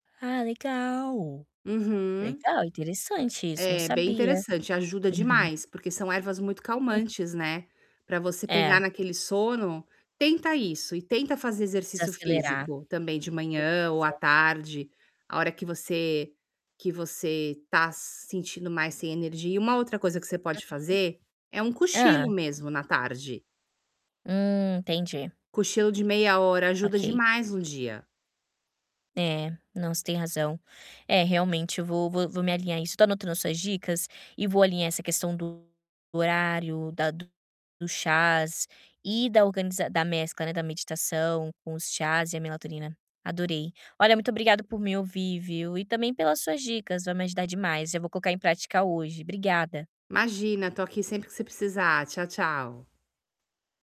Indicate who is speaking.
Speaker 1: Ah, legal.
Speaker 2: Uhum.
Speaker 1: Legal, interessante isso, não
Speaker 2: É, bem
Speaker 1: sabia.
Speaker 2: interessante. Ajuda
Speaker 1: Uhum.
Speaker 2: demais, porque são ervas muito
Speaker 1: Hu
Speaker 2: calmantes, né, para você pegar
Speaker 1: É.
Speaker 2: naquele sono. Tenta isso e tenta fazer exercício
Speaker 1: Desacelerar.
Speaker 2: físico também de
Speaker 1: Beleza.
Speaker 2: manhã ou à tarde, a hora que você que você tá sentindo mais sem energia. E uma outra coisa que você
Speaker 1: Uhum.
Speaker 2: pode fazer é um
Speaker 1: Hã.
Speaker 2: cochilo, mesmo, na tarde.
Speaker 1: Hum, entendi.
Speaker 2: Cochilo de meia hora ajuda
Speaker 1: Ok.
Speaker 2: demais o dia.
Speaker 1: É, não, você tem razão. É, realmente eu vou vou vou me alinhar isso. Tô anotando as suas dicas, e vou alinhar essa questão do do horário, da do do chás e da organiza da mescla, né, da meditação com os chás e a melatonina, adorei. Olha, muito obrigada por me ouvir, viu, e também pelas suas dicas. Vai me ajudar demais. Eu vou colocar em prática hoje. Obrigada.
Speaker 2: Imagina, tô aqui sempre que você precisar. Tchau, tchau.